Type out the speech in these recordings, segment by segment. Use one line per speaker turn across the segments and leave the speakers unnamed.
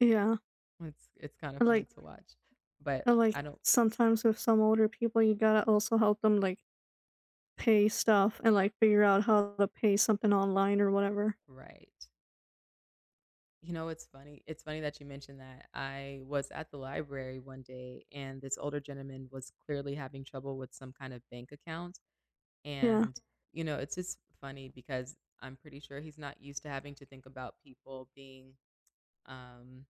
Yeah.
It's it's kind of funny
Like
to watch, but
And, like,
I don't
sometimes with some older people, you gotta also help them, like, pay stuff and, like, figure out how to pay something online or whatever.
Right. You know, it's funny it's funny that you mentioned that. I was at the library one day and this older gentleman was clearly having trouble with some kinda bank account
Yeah.
and, you know, it's just funny because I'm pretty sure he's not used to having to think about people being, um,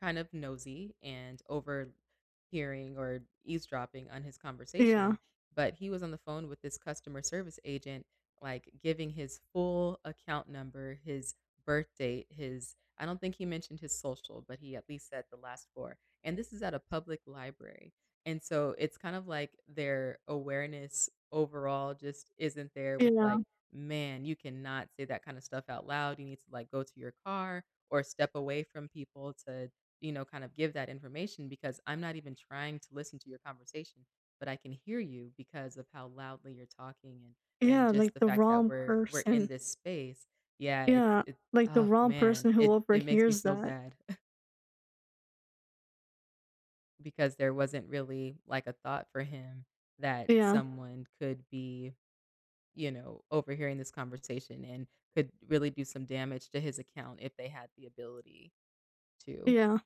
kind of nosy and overhearing or eavesdropping on his
Yeah.
conversation, but he was on the phone with this customer service agent, like, giving his full account number, his birth date, his I don't think he mentioned his social, but he at least said the last 4, and this is at a public library and so it's kind of like their awareness overall just isn't there
You
with like,
know.
man, you cannot say that kind of stuff out loud. You need to like go to your car or step away from people to, you know, kind of give that information because I'm not even trying to listen to your conversation, but I can hear you because of how loudly you're talking and and
Yeah,
just
like
the
the
fact that
wrong
we're we're in
person.
this space. Yeah, it's
Yeah,
it
like the
ah
wrong
man,
person who
it it makes me
overhears
feel
that.
bad. Because there wasn't really like a thought for him that
Yeah.
someone could be, you know, overhearing this conversation and could really do some damage to his account if they had the ability to.
Yeah.